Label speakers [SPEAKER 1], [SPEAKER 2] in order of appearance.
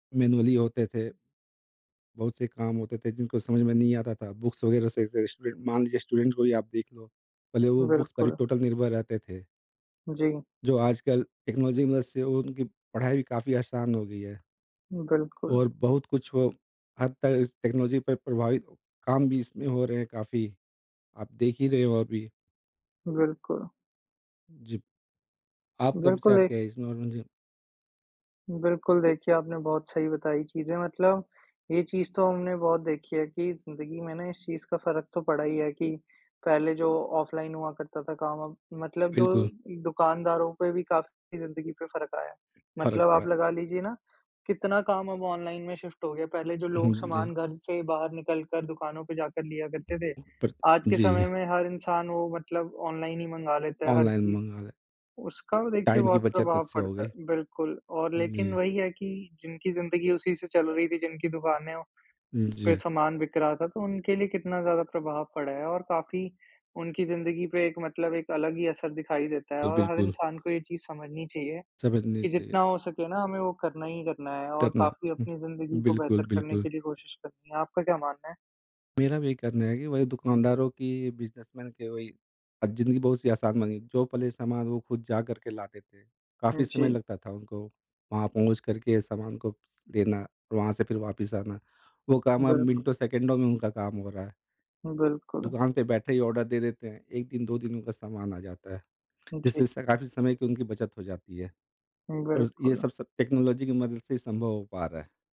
[SPEAKER 1] Manually होते थे। बहुत से काम होते थे जिनको समझ में नहीं आता था, बुक्स वगैरह से से स्टूडेंट मान लीजिए स्टूडेंट्स को ही आप देख लो पहले वो बुक्स पर ही
[SPEAKER 2] बिल्कुल।
[SPEAKER 1] टोटल निर्भर रहते थे।
[SPEAKER 2] जी।
[SPEAKER 1] जो आजकल टेक्नोलॉजी की मदद से उनकी पढ़ाई भी काफ़ी आसान हो गई है।
[SPEAKER 2] बिल्कुल।
[SPEAKER 1] और बहुत कुछ वो हद तक इस टेक्नोलॉजी पे प्रभावित, काम भी इसमें हो रहे हैं काफ़ी, आप देख ही रहे हो अभी।
[SPEAKER 2] बिल्कुल।
[SPEAKER 1] जी। आपका
[SPEAKER 2] बिल्कुल
[SPEAKER 1] विचार
[SPEAKER 2] एक
[SPEAKER 1] क्या है इसमें और में जी?
[SPEAKER 2] बिल्कुल देखिए, आपने बहुत सही बताई चीज़ें मतलब ये चीज़ तो हमने बहुत देखी है कि जिंदगी में ना इस चीज़ का फ़र्क तो पड़ा ही है, कि पहले जो ऑफलाइन हुआ करता था काम अब मतलब जो
[SPEAKER 1] बिल्कुल।
[SPEAKER 2] दुकानदारों पे भी काफ़ी ज़िन्दगी पे फ़र्क आया है।
[SPEAKER 1] फ़र्क
[SPEAKER 2] मतलब
[SPEAKER 1] पड़ा
[SPEAKER 2] आप
[SPEAKER 1] है।
[SPEAKER 2] लगा लीजिए ना, कितना काम अब ऑनलाइन में शिफ्ट हो गया। पहले जो
[SPEAKER 1] हुँ,
[SPEAKER 2] लोग
[SPEAKER 1] जी।
[SPEAKER 2] सामान घर से बाहर निकल कर दुकानों पर जाकर लिया करते थे,
[SPEAKER 1] पर
[SPEAKER 2] आज के
[SPEAKER 1] जी।
[SPEAKER 2] समय में हर इंसान वो मतलब ऑनलाइन ही मँगा लेता है हर
[SPEAKER 1] ऑनलाइन
[SPEAKER 2] चीज़।
[SPEAKER 1] मँगा ले।
[SPEAKER 2] उसका देखिए
[SPEAKER 1] टाइम की
[SPEAKER 2] बहुत
[SPEAKER 1] बचत
[SPEAKER 2] प्रभाव
[SPEAKER 1] इससे हो
[SPEAKER 2] पड़ता है,
[SPEAKER 1] गई।
[SPEAKER 2] बिल्कुल और लेकिन
[SPEAKER 1] जी।
[SPEAKER 2] वही है कि जिनकी ज़िन्दगी उसी से चल रही थी, जिनकी दुकानें पे
[SPEAKER 1] जी।
[SPEAKER 2] सामान बिक रहा था तो उनके लिए कितना ज़्यादा प्रभाव पड़ा है और काफ़ी उनकी ज़िन्दगी पे एक मतलब एक अलग ही असर दिखाई देता है
[SPEAKER 1] अ,
[SPEAKER 2] और हर
[SPEAKER 1] बिल्कुल।
[SPEAKER 2] इंसान को ये चीज़ समझनी चाहिए
[SPEAKER 1] समझनी
[SPEAKER 2] कि
[SPEAKER 1] चाहिए।
[SPEAKER 2] जितना हो सके ना हमें वो करना ही करना है और
[SPEAKER 1] करना।
[SPEAKER 2] काफ़ी
[SPEAKER 1] हुँ,
[SPEAKER 2] अपनी ज़िन्दगी को
[SPEAKER 1] बिल्कुल,
[SPEAKER 2] बेहतर करने
[SPEAKER 1] बिल्कुल।
[SPEAKER 2] के लिए कोशिश करनी है। आपका क्या मानना है?
[SPEAKER 1] मेरा भी यही कहना है कि वही दुकानदारों की, बिज़नेसमैन के वही अ, जिंदगी बहुत सी आसान बनी। जो पहले सामान वो खुद जा कर के लाते थे, काफ़ी
[SPEAKER 2] हुँ,
[SPEAKER 1] समय
[SPEAKER 2] जी।
[SPEAKER 1] लगता था उनको वहाँ पहुँच कर के सामान को देना, वहाँ से फिर वापस आना, वो काम अब
[SPEAKER 2] बिल्क
[SPEAKER 1] मिनटों-सेकंडों में उनका काम हो रहा है।
[SPEAKER 2] बिल्कुल।
[SPEAKER 1] दुकान पे बैठे ही ऑर्डर दे देते हैं, 1 दिन, 2 दिन उनका सामान आ जाता है,
[SPEAKER 2] जी।
[SPEAKER 1] जिससे स काफ़ी समय की उनकी बचत हो जाती है।
[SPEAKER 2] हुँ,
[SPEAKER 1] और ये
[SPEAKER 2] बिल्कुल।
[SPEAKER 1] सब स टेक्नोलॉजी की मदद से ही संभव हो पा रहा है।